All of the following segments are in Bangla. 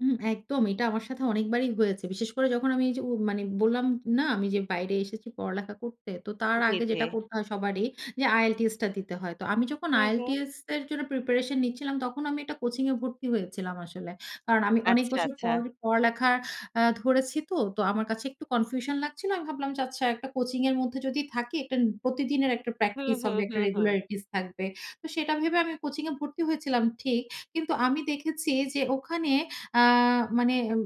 হুম, একদম। এইটা আমার সাথে অনেকবারই হয়েছে। বিশেষ করে যখন আমি এইযে উম মানে বললাম না? আমি যে বাইরে এসেছি পড়ালেখা করতে। তো তার জ্বী, আগে জ্বী। যেটা করতে হয় সবারই যে আইএলটিএসটা দিতে হয়। তো আমি যখন হু, হুম। আইএলটিএস এর জন্য প্রিপারেশন নিচ্ছিলাম তখন আমি একটা কোচিং এ ভর্তি হয়েছিলাম আসলে। কারণ আমি অনেক আচ্ছা, বছর আচ্ছা। পর পড়ালেখা অ্যা ধরেছি তো। তো আমার কাছে একটু কনফিউশন লাগছিল। আমি ভাবলাম যে, "আচ্ছা একটা কোচিং এর মধ্যে যদি থাকি একটা নি প্রতিদিনের একটা হুম, প্র্যাকটিস হুম, হবে, একটা হুম, হুম। রেগুলারিটিস থাকবে।" তো সেটা ভেবে আমি কোচিং এ ভর্তি হয়েছিলাম ঠিক। কিন্তু আমি দেখেছি যে ওখানে আ মানে উ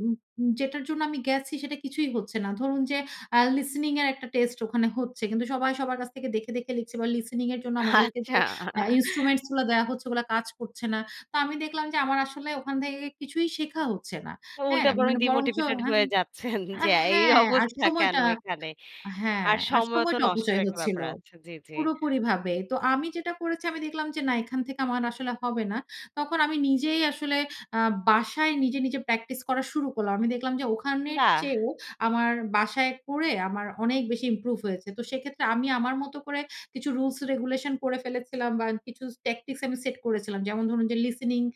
উ যেটার জন্য আমি গেছি সেটা কিছুই হচ্ছে না। ধরুন যে অ্যা listening এর একটা টেস্ট ওখানে হচ্ছে। কিন্তু সবাই সবার কাছ থেকে দেখে, দেখে লিখছে বা listening এর জন্য আমাদেরকে যে আচ্ছা। অ্যা instruments গুলা দেয়া হচ্ছে ওগুলা কাজ করছে না। তো আমি দেখলাম যে আমার আসলে ওখান থেকে কিছুই শেখা হচ্ছে না। ও হ্যাঁ? উল্টা বরং মানে বরঞ্চ ডিমোটিভেটেড আহা হয়ে যাচ্ছেন আ যে, "এই হ্যাঁ আর অবস্থা সময়টা কেনো এখানে?" আ হ্যাঁ, আর আর সময় তো সময়টা নষ্টের অপচয় একটা ব্যাপার হচ্ছিলো, আছে। জ্বী, জ্বী। পুরোপুরি ভাবেই। তো আমি যেটা করেছি আমি দেখলাম যে না এখান থেকে আমার আসলে হবে না। তখন আমি নিজেই আসলে আ বাসায় নিজে, নিজে প্র্যাকটিস করা শুরু করলাম। আমি দেখলাম যে ওখানের বাহ! চেয়েও আমার বাসায় পড়ে আমার অনেক বেশি ইমপ্রুভ হয়েছে। তো সেইক্ষেত্রে আমি আমার মতো করে কিছু রুলস রেগুলেশন করে ফেলেছিলাম বা কিছু ট্যাকটিক্স আমি সেট করেছিলাম। যেমন ধরুন যে listening.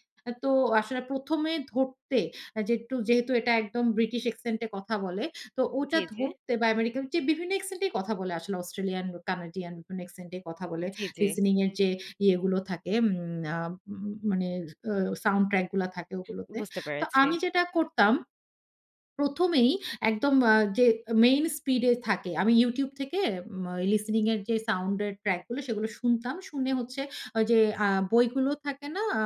তো আসলে ১ম এ ধরতে অ্যা যেট্টু যেহেতু এটা একদম ব্রিটিশ অ্যাক্সেন্টে কথা বলে, তো ওটা জ্বী, জ্বী? ধরতে বা আমেরিকান যে বিভিন্ন অ্যাক্সেন্ট এই কথা বলে আসলে অস্ট্রেলিয়ান ও কানাডিয়ান মানে অ্যাক্সেন্ট এ কথা উ বলে। জ্বী, জ্বী। listening এর যে ইয়েগুলো থাকে উম আ উ উ মানে অ সাউন্ড ট্র্যাক গুলা থাকে ঐগুলোতে। বুঝতে তো পেরেছি। আমি যেটা করতাম ১ম এই একদম আ যে মেইন স্পিডে থাকে আমি YouTube থেকে মা listening এর যে সাউন্ড এর ট্র্যাক গুলো, সেগুলো শুনতাম। শুনে হচ্ছে ওই যে আ বইগুলো থাকে না? আ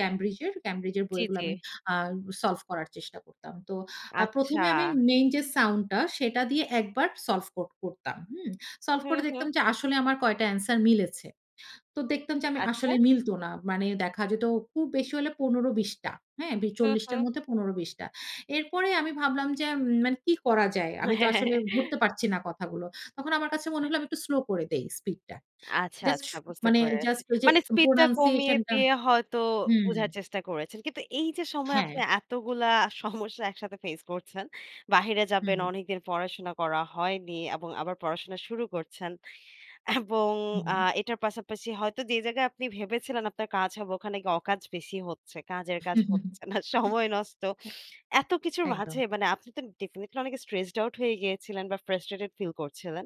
ক্যামব্রিজের? ক্যামব্রিজের জ্বী, বইগুলো জ্বী। আমি আ সলভ করার চেষ্টা করতাম। তো আ ১ম আচ্ছা। এ আমি মেইন যে সাউন্ডটা সেটা দিয়ে একবার সলভ কর করতাম, হুম? সলভ হুম, করে দেখতাম হুম। যে আসলে আমার কয়টা answer মিলেছে। তো দেখতাম যে আমি আচ্ছা। আসলে মিলতো না। মানে দেখা যেতো খুব বেশি হলে ১৫-২০ টা। হ্যাঁ, বে হুম, ৪০ টার হুম। মধ্যে ১৫-২০ টা। এরপরেই আমি ভাবলাম যে, "উম মানে কি করা যায়?" আমি তো আসলে ধরতে পারছি না কথাগুলো। তখন আমার কাছে মনে অ্যা হলো হ্যাঁ। আমি একটু স্লো করে দেই স্পিডটা। আচ্ছা, জাস্ট আচ্ছা, শু বুঝতে মানে পেরেছি। জাস্ট ওই যে মানে স্পিডটা কমিয়ে প্রনানসিয়েশন টা দিয়ে হয়তো হুম। বোঝার চেষ্টা করেছেন। কিন্তু এইযে সময়ে আপনি হ্যাঁ। এতগুলা সমস্যা একসাথে ফেইস করছেন। বাহিরে হুম, যাবেন, হুম। অনেকদিন পড়াশোনা করা হয়নি এবং আবার পড়াশোনা শুরু করছেন। এবং আ হুম। এইটার পাশাপাশি হয়তো যে জায়গায় আপনি ভেবেছিলেন আপনার কাজ হবে ওখানে গিয়ে অকাজ বেশি হচ্ছে। কাজের কাজ হুম, হুম, হুম। হচ্ছে না, উম সময় নষ্ট। হু এত কিছুর মাঝে একদম। মানে আপনি তো ডেফিনিটলি অনেক স্ট্রেসড আউট হয়ে গিয়েছিলেন বা ফ্রাস্ট্রেটেড ফিল করছিলেন।